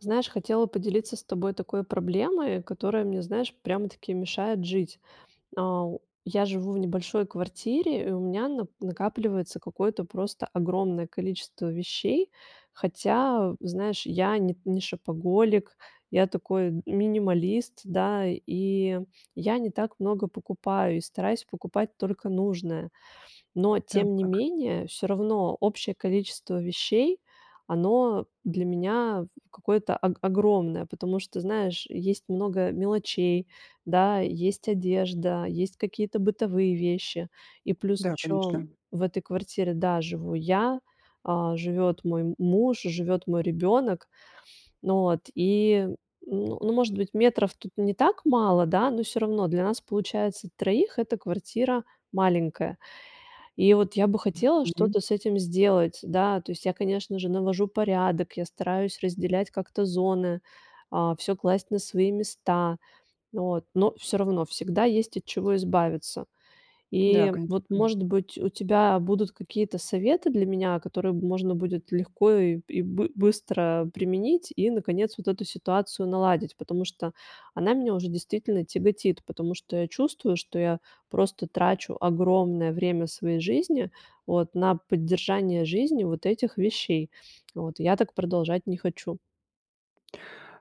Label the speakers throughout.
Speaker 1: Знаешь, хотела поделиться с тобой такой проблемой, которая мне, знаешь, прямо-таки мешает жить. Ау. Я живу в небольшой квартире, и у меня нап накапливается какое-то просто огромное количество вещей. Хотя, в знаешь, я не не шопоголик, я такой минималист, да, и я не так много покупаю и стараюсь покупать только нужное. Но тем не
Speaker 2: Так.
Speaker 1: менее, всё равно общее количество вещей, оно для меня, в какое-то ог огромное, потому что, знаешь, есть много мелочей, да, есть одежда, есть какие-то бытовые вещи. И плюс
Speaker 2: Да,
Speaker 1: еще
Speaker 2: конечно.
Speaker 1: в этой квартире, да, живу я, а, живет мой муж, живет мой ребенок. Ну вот, и, ну ну, может быть, метров тут не так мало, да, но всё равно для нас получается 3 эта квартира маленькая. И вот я бы хотела
Speaker 2: Мгм.
Speaker 1: что-то с этим сделать. Да, то есть я, конечно же, навожу порядок, я стараюсь разделять как-то зоны, а, всё класть на свои места, вот, но всё равно всегда есть от чего избавиться.
Speaker 2: Да,
Speaker 1: И
Speaker 2: конечно.
Speaker 1: вот,
Speaker 2: М.
Speaker 1: может быть, у тебя будут какие-то советы для меня, которые, м, можно будет легко и и бы быстро применить и, наконец, вот эту ситуацию наладить, потому что она меня уже действительно тяготит, потому что я чувствую, что я просто трачу огромное время своей жизни вот на поддержание жизни вот этих вещей, вот. Я так продолжать не хочу.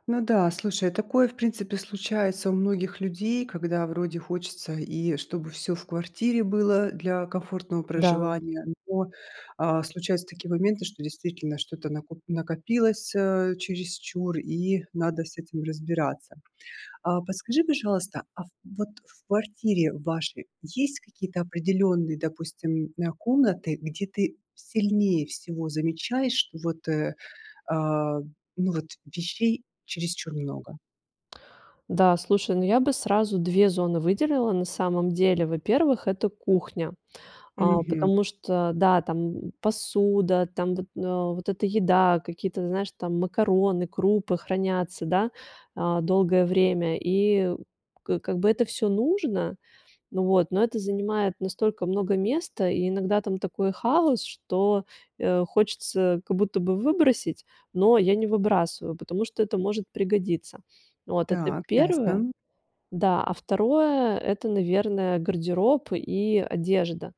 Speaker 2: Ну да, слушай, такое, в принципе, случается у многих людей, когда вроде хочется, и чтобы всё в квартире было для комфортного
Speaker 1: Да.
Speaker 2: проживания, но, а, случаются такие моменты, что действительно что-то накоп накопилось, э, чересчур, и надо с этим разбираться. А, подскажи, пожалуйста, а вот в квартире вашей есть какие-то определённые, допустим, на комнаты, где ты сильнее всего замечаешь, что вот, э, а, ну, вот вещей чересчур много?
Speaker 1: Да, слушай, ну, я бы сразу 2 зоны выделила на самом деле. Во-первых, это кухня. А,
Speaker 2: Мгм.
Speaker 1: потому что, да, там посуда, там вот, на вот эта еда, какие-то, знаешь, там макароны, крупы хранятся, да, а, долгое время, и к как бы это всё нужно, н вот. Но это занимает настолько много места, и иногда там такой хаос, что, э, хочется как будто бы выбросить, но я не выбрасываю, потому что это может пригодиться. Вот это
Speaker 2: Так, ясно,
Speaker 1: 1.
Speaker 2: м.
Speaker 1: Да, а 2- это, наверное, гардероб и одежда.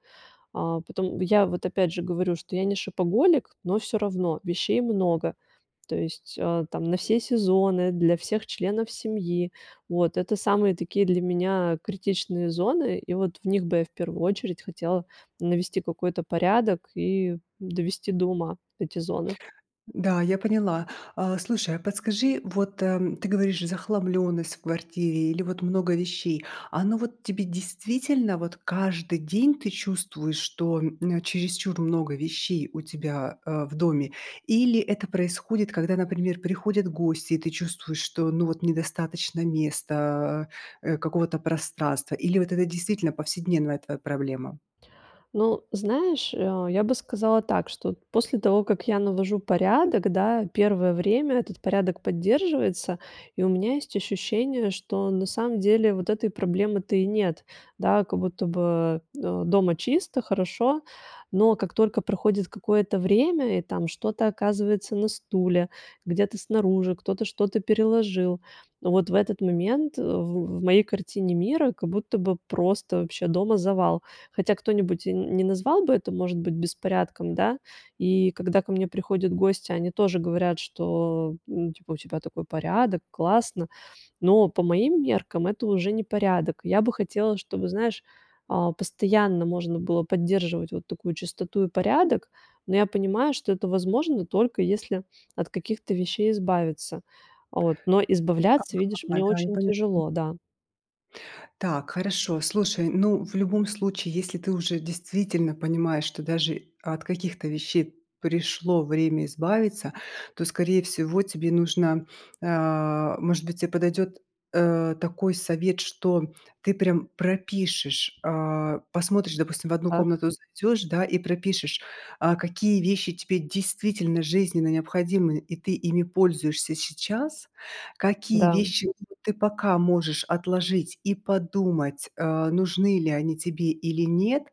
Speaker 1: А потом, я вот опять же говорю, что я не шопоголик, но всё равно вещей много. То есть, а, там на все сезоны, для всех членов семьи. Вот это самые такие для меня критичные зоны. И вот в них бы я в первую очередь хотела навести какой-то порядок и довести до ума вот эти зоны.
Speaker 2: Да, я поняла. А, слушай, а подскажи, вот, эм, ты говоришь: "Захламлённость в квартире" или вот "много вещей". Оно вот тебе действительно, вот каждый день ты чувствуешь, что, м, чересчур много вещей у тебя, а, в доме, или это происходит, когда, например, приходят гости, и ты чувствуешь, что, ну, вот недостаточно места, э, какого-то пространства, или вот это действительно повседневная твоя проблема?
Speaker 1: Ну, знаешь, э, я бы сказала так, что вот после того, как я навожу порядок, да, первое время этот порядок поддерживается, и у меня есть ощущение, что на самом деле вот этой проблемы-то и нет, да. Как будто бы, э, дома чисто, хорошо. Но как только проходит какое-то время и там что-то оказывается на стуле, где-то снаружи, кто-то что-то переложил, вот в этот момент, в в в моей картине мира, как будто бы просто вообще дома завал. Хотя кто-нибудь н не назвал бы это, может быть, беспорядком, да. И когда ко мне приходят гости, они тоже говорят, что, ну, типа, у тебя такой порядок, классно, но по моим меркам это уже не порядок. Я бы хотела, чтобы, знаешь, а, постоянно можно было поддерживать вот такую чистоту и порядок. Но я понимаю, что это возможно, только если от каких-то вещей избавиться, а вот. Но
Speaker 2: Ага.
Speaker 1: избавляться, видишь,
Speaker 2: А,
Speaker 1: мне
Speaker 2: да, я
Speaker 1: очень
Speaker 2: поняла.
Speaker 1: тяжело. Да.
Speaker 2: Так, хорошо. Слушай, ну, в любом случае, если ты уже действительно понимаешь, что даже от каких-то вещей пришло время избавиться, то, скорее всего, тебе нужно а, может быть, тебе подойдёт, э, такой совет, что ты прям пропишешь, а посмотришь, допустим, в 1
Speaker 1: Так?
Speaker 2: комнату зайдёшь, да, и пропишешь, а какие вещи тебе действительно жизненно необходимы, и ты ими пользуешься сейчас, какие
Speaker 1: Да.
Speaker 2: вещи ты пока можешь отложить и подумать, э, нужны ли они тебе или нет,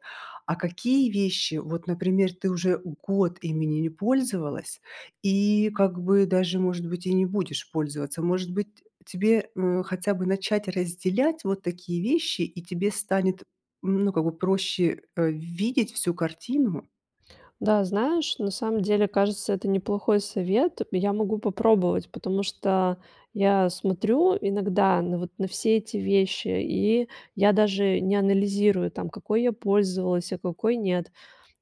Speaker 2: а какие вещи, вот, например, ты уже год ими не не пользовалась и как бы даже, может быть, и не будешь пользоваться. Может быть, э, тебе, э, хотя бы начать разделять вот такие вещи, и тебе станет, ну, как бы проще, э, видеть всю картину?
Speaker 1: Да, знаешь, на самом деле, кажется, это неплохой совет. Я могу попробовать, потому что я смотрю иногда на вот, на все эти вещи, и я даже не анализирую, там, какой я пользовалась, а какой нет.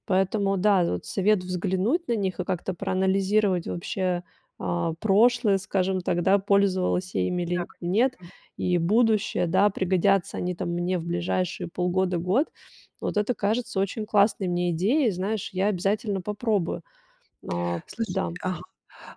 Speaker 1: Поэтому, да, вот совет взглянуть на них и как-то проанализировать вообще, а, прошлое, скажем так, да, пользовалась я ими
Speaker 2: Да,
Speaker 1: или нет,
Speaker 2: конечно.
Speaker 1: и будущее. Да, пригодятся они там мне в ближайшие полгода, год. Вот это кажется очень классной мне идеей. Знаешь, я обязательно попробую. А,
Speaker 2: Слушай,
Speaker 1: да.
Speaker 2: а,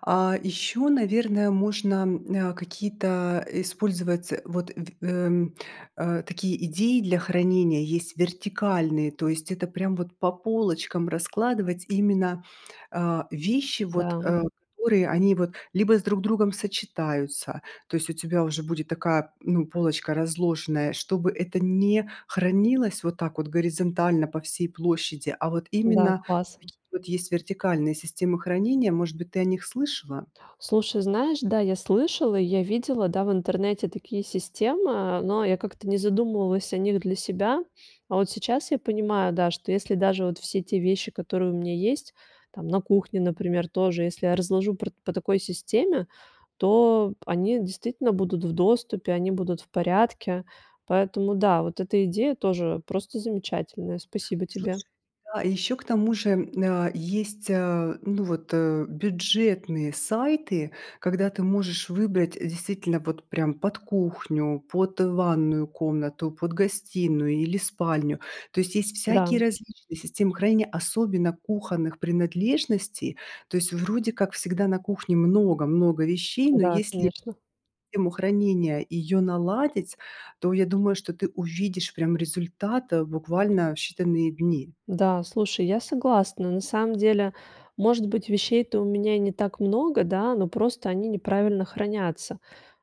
Speaker 2: а. Ещё, наверное, можно, э, какие-то, а, использовать вот, эм, э, такие идеи для хранения, есть вертикальные. То есть это прям вот по полочкам раскладывать именно, а, вещи, вот,
Speaker 1: Да.
Speaker 2: э, которые они вот либо с друг другом сочетаются. То есть у тебя уже будет такая, м, ну, полочка разложенная, чтобы это не хранилось вот так вот горизонтально по всей площади, а вот
Speaker 1: Да,
Speaker 2: именно
Speaker 1: класс!
Speaker 2: такие вот есть вертикальные системы хранения. Может быть, ты о них слышала?
Speaker 1: Слушай, знаешь, да, я слышала, я видела, да, в интернете такие системы, но я как-то не задумывалась о них для себя. А вот сейчас я понимаю, да, что если даже вот все те вещи, которые у меня есть там на кухне, например, тоже, если я разложу пр по такой системе, то они действительно будут в доступе, они будут в порядке. Поэтому, да, вот эта идея тоже просто замечательная. Спасибо тебе.
Speaker 2: Слушай, да, а ещё к тому же, м, а, есть, а, ну вот, э, бюджетные сайты, когда ты можешь выбрать, э, действительно вот прям под кухню, под ванную комнату, под гостиную или спальню. То есть есть всякие
Speaker 1: Да.
Speaker 2: различные системы хранения, особенно кухонных принадлежностей. То есть вроде как всегда на кухне много-много вещей, но
Speaker 1: Да,
Speaker 2: если
Speaker 1: конечно.
Speaker 2: систему хранения её наладить, то я думаю, что ты увидишь прям результат, э, буквально в считанные дни.
Speaker 1: Да, слушай, я согласна. На самом деле, может быть, вещей-то у меня и не так много, да, но просто они неправильно хранятся,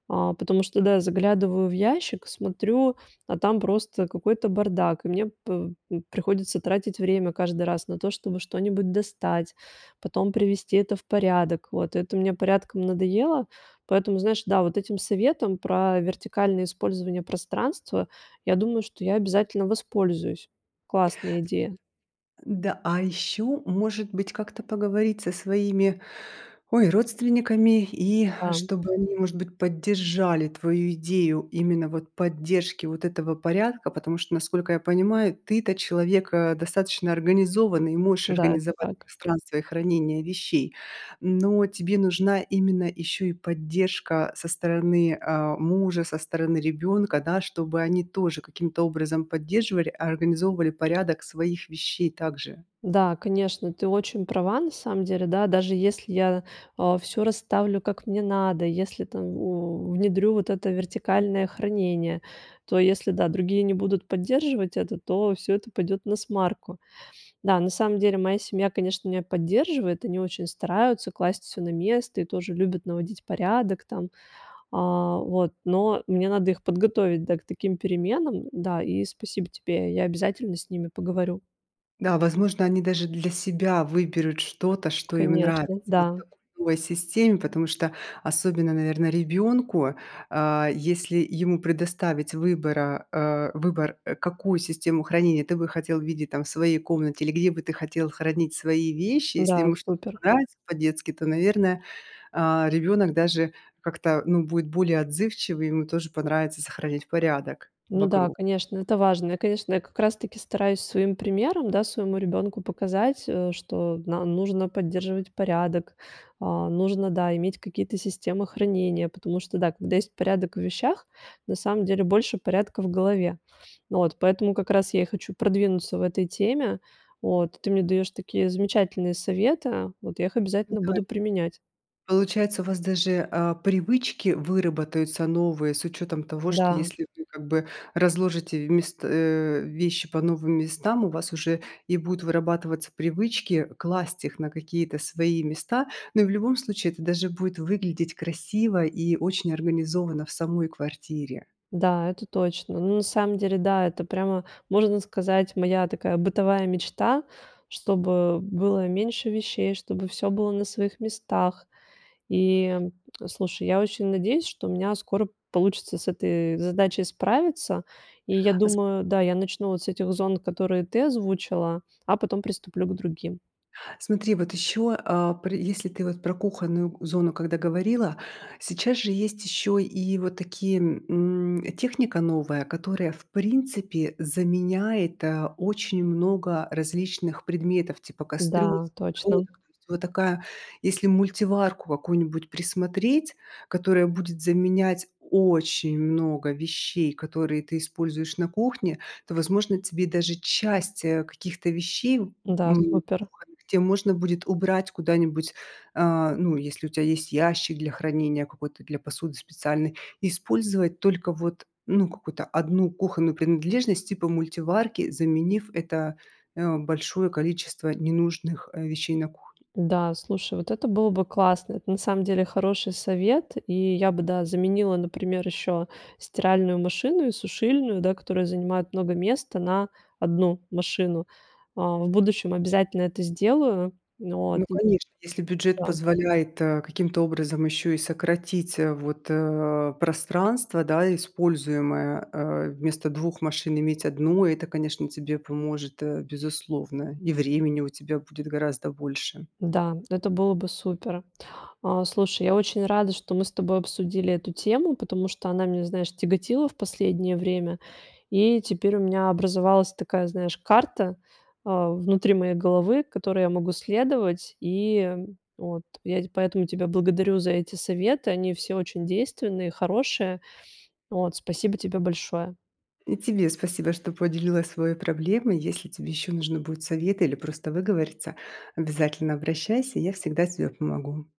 Speaker 1: а. Потому что, да, заглядываю в ящик, смотрю, а там просто какой-то бардак. И мне, п м приходится тратить время каждый раз на то, чтобы что-нибудь достать, потом привести это в порядок, вот. Это мне порядком надоело. Поэтому, знаешь, да, вот этим советом про вертикальное использование пространства, я думаю, что я обязательно воспользуюсь. Классная идея.
Speaker 2: Н-да, а ещё, может быть, как-то поговорить со своими, ой, родственниками и
Speaker 1: А, м.
Speaker 2: чтобы они, может быть, поддержали твою идею именно вот поддержки вот этого порядка. Потому что, насколько я понимаю, ты-то человек, а, достаточно организованный, и можешь
Speaker 1: Да, это
Speaker 2: организовать
Speaker 1: так.
Speaker 2: пространство и хранение вещей, но тебе нужна именно ещё и поддержка со стороны, а, мужа, со стороны ребёнка, да, чтобы они тоже каким-то образом поддерживали, организовывали порядок своих вещей также.
Speaker 1: Да, конечно, ты очень права на самом деле, да. Даже если я, а, всё расставлю, как мне надо, и если там, у, внедрю вот это вертикальное хранение, то если, да, другие не будут поддерживать это, то всё это пойдет насмарку. Да, на самом деле моя семья, конечно, меня поддерживает, они очень стараются класть всё на место и тоже любят наводить порядок там, а, вот. Но мне надо их подготовить, да, к таким переменам, да. И спасибо тебе. Я обязательно с ними поговорю.
Speaker 2: Да, возможно, они даже для себя выберут что-то, что им нравится
Speaker 1: Конечно,
Speaker 2: вот
Speaker 1: да.
Speaker 2: в такой системе, потому что особенно, наверное, ребёнку. А, если ему предоставить выбора, э, выбор, э, какую систему хранения ты бы хотел видеть там в своей комнате или где бы ты хотел хранить свои вещи. Если
Speaker 1: Да,
Speaker 2: ему что-то
Speaker 1: супер.
Speaker 2: понравится по-детски, то, наверное, а, ребёнок даже как-то, ну, будет более отзывчивый, ему тоже понравится сохранять порядок
Speaker 1: Ну да,
Speaker 2: вокруг.
Speaker 1: конечно, это важно. Я, конечно, я как раз таки стараюсь своим примером, да, своему ребенку показать, э, что на нужно поддерживать порядок, а нужно, да, иметь какие-то системы хранения, потому что, да, когда есть порядок в вещах, на самом деле больше порядка в голове, ну вот. Поэтому как раз я и хочу продвинуться в этой теме, вот. Ты мне даешь такие замечательные советы, вот я их обязательно
Speaker 2: Пытай
Speaker 1: буду применять.
Speaker 2: Получается, у вас даже, а, привычки выработаются новые с учётом того, что
Speaker 1: Да.
Speaker 2: если вы как бы разложите вмест э, вещи по новым местам, у вас уже и будут вырабатываться привычки класть их на какие-то свои места. Ну, и в любом случае это даже будет выглядеть красиво и очень организованно в самой квартире.
Speaker 1: Да, это точно. Ну, на самом деле, да, это прямо, можно сказать, моя такая бытовая мечта, чтобы было меньше вещей, чтобы всё было на своих местах. И, м, слушай, я очень надеюсь, что у меня скоро получится с этой задачей справиться. И я
Speaker 2: А с
Speaker 1: думаю, да, я начну вот с этих зон, которые ты озвучила, а потом приступлю к другим.
Speaker 2: Смотри, вот ещё, а, пры если ты вот про кухонную зону когда говорила, сейчас же есть ещё и вот такие, м, техника новая, которая, в принципе, заменяет, а, очень много различных предметов типа кастрюль,
Speaker 1: Да, точно,
Speaker 2: сковородок,
Speaker 1: м.
Speaker 2: то есть. Вот такая, если мультиварку какую-нибудь присмотреть, которая будет заменять очень много вещей, которые ты используешь на кухне, то, возможно, тебе даже часть, э, каких-то вещей, м,
Speaker 1: Да, супер!
Speaker 2: кухонных, те можно будет убрать куда-нибудь, а, ну, если у тя есть ящик для хранения, какой-то для посуды специальной, и использовать только вот, ну, какую-то 1 кухонную принадлежность типа мультиварки, заменив это, э, большое количество ненужных, э, вещей на кухне.
Speaker 1: Да, слушай, вот это было бы классно. Это на самом деле хороший совет. И я бы, да, заменила, например, еще стиральную машину и сушильную, да, которая занимает много места, на 1 машину, а, в будущем обязательно это сделаю. Но вот,
Speaker 2: Ну, конечно, если бюджет
Speaker 1: да.
Speaker 2: позволяет, а, каким-то образом ещё и сократить, а, вот, а, пространство, да, используемое, а, вместо 2 машин иметь 1, это, конечно, тебе поможет, а, безусловно. И времени у тебя будет гораздо больше.
Speaker 1: Да, это было бы супер. А, слушай, я очень рада, что мы с тобой обсудили эту тему, потому что она меня, знаешь, тяготила в последнее время. И теперь у меня образовалась такая, знаешь, карта, а, внутри моей головы, которой я могу следовать. И, э, вот я т поэтому тебя благодарю за эти советы. Они все очень действенные, хорошие, вот. Спасибо тебе большое.
Speaker 2: И тебе спасибо, что поделилась своей проблемой. Если тебе ещё нужны будут советы или просто выговориться, обязательно обращайся, и я всегда тебе помогу.